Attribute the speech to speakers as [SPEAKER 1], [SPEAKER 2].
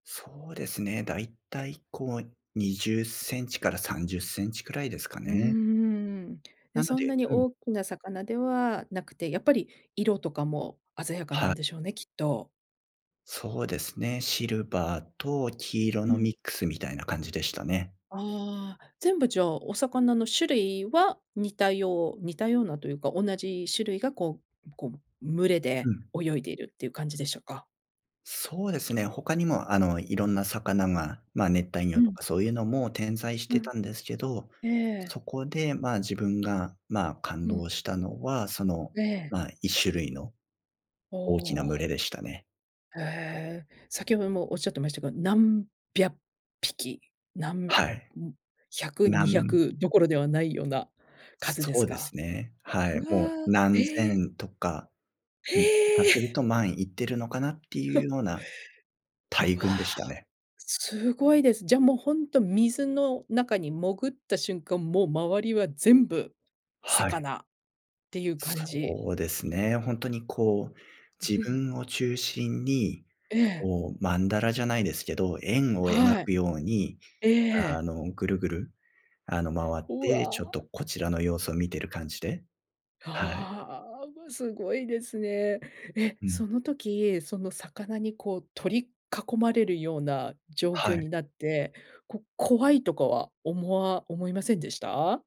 [SPEAKER 1] そうですね、大体こう20センチから30センチくらいですか
[SPEAKER 2] うー
[SPEAKER 1] ね。
[SPEAKER 2] ん。
[SPEAKER 1] な
[SPEAKER 2] や、
[SPEAKER 1] の
[SPEAKER 2] そん
[SPEAKER 1] で
[SPEAKER 2] なに
[SPEAKER 1] うん。
[SPEAKER 2] 大きな魚ではなくて、やっぱり色とかも鮮やかな
[SPEAKER 1] は
[SPEAKER 2] ん
[SPEAKER 1] い。
[SPEAKER 2] でしょうね、きっと。
[SPEAKER 1] そうですね。シルバーと黄色
[SPEAKER 2] う
[SPEAKER 1] のミ
[SPEAKER 2] ん。
[SPEAKER 1] ックスみたいな感じでしたね。
[SPEAKER 2] ああ、全部じゃ、お魚の種類は似たよう似たようなというか、同じ種類がこうこう、群れ
[SPEAKER 1] う
[SPEAKER 2] で
[SPEAKER 1] ん。
[SPEAKER 2] 泳いでいるっていう感じでしょうか？
[SPEAKER 1] そうですね。他にもあの、いろんな魚がま、熱帯
[SPEAKER 2] う
[SPEAKER 1] 魚と
[SPEAKER 2] ん。
[SPEAKER 1] かそういうのも点在し
[SPEAKER 2] う
[SPEAKER 1] て
[SPEAKER 2] ん。
[SPEAKER 1] たんですけど、
[SPEAKER 2] ええ。
[SPEAKER 1] そこで、ま、自分が、ま、感
[SPEAKER 2] うん。
[SPEAKER 1] 動したのは、その、
[SPEAKER 2] ええ。
[SPEAKER 1] ま、一種類の
[SPEAKER 2] お
[SPEAKER 1] 大きな群れ
[SPEAKER 2] お。
[SPEAKER 1] でしたね。
[SPEAKER 2] ええ、先ほどもおっしゃってましたけど、何百匹、なんび
[SPEAKER 1] はい。
[SPEAKER 2] ゃんひゃく
[SPEAKER 1] な
[SPEAKER 2] にひゃ
[SPEAKER 1] ん
[SPEAKER 2] くどころではないような数で
[SPEAKER 1] そ
[SPEAKER 2] す
[SPEAKER 1] うで
[SPEAKER 2] か？
[SPEAKER 1] すね。はい。
[SPEAKER 2] う
[SPEAKER 1] もう
[SPEAKER 2] わ、
[SPEAKER 1] 何
[SPEAKER 2] ええ。
[SPEAKER 1] 千とか、ん、しか
[SPEAKER 2] へえ。
[SPEAKER 1] する と万いってるのかなっていう ような大
[SPEAKER 2] うわ、
[SPEAKER 1] 群でしたね。
[SPEAKER 2] すごいです。じゃもうほんと水の中に潜った瞬間、もう周りは全部
[SPEAKER 1] はい。
[SPEAKER 2] 魚っていう感じ？
[SPEAKER 1] そうですね。ほんとにこう、自 分を中心に、
[SPEAKER 2] ええ。
[SPEAKER 1] こう、マンダラじゃないですけど、円を描
[SPEAKER 2] はい。
[SPEAKER 1] くように、
[SPEAKER 2] えええええ
[SPEAKER 1] あ
[SPEAKER 2] え。
[SPEAKER 1] の、ぐるぐるあの、回っ
[SPEAKER 2] う
[SPEAKER 1] て、ちょっ
[SPEAKER 2] わ。
[SPEAKER 1] とこちらの様子を見ている感じではい。
[SPEAKER 2] ああ、うわ、すごいですね。え、
[SPEAKER 1] う
[SPEAKER 2] そ
[SPEAKER 1] ん。
[SPEAKER 2] の時、その魚にこう取り囲まれるような状
[SPEAKER 1] は
[SPEAKER 2] 況
[SPEAKER 1] い。
[SPEAKER 2] になって、こ怖いとかは思わ思いませんでした？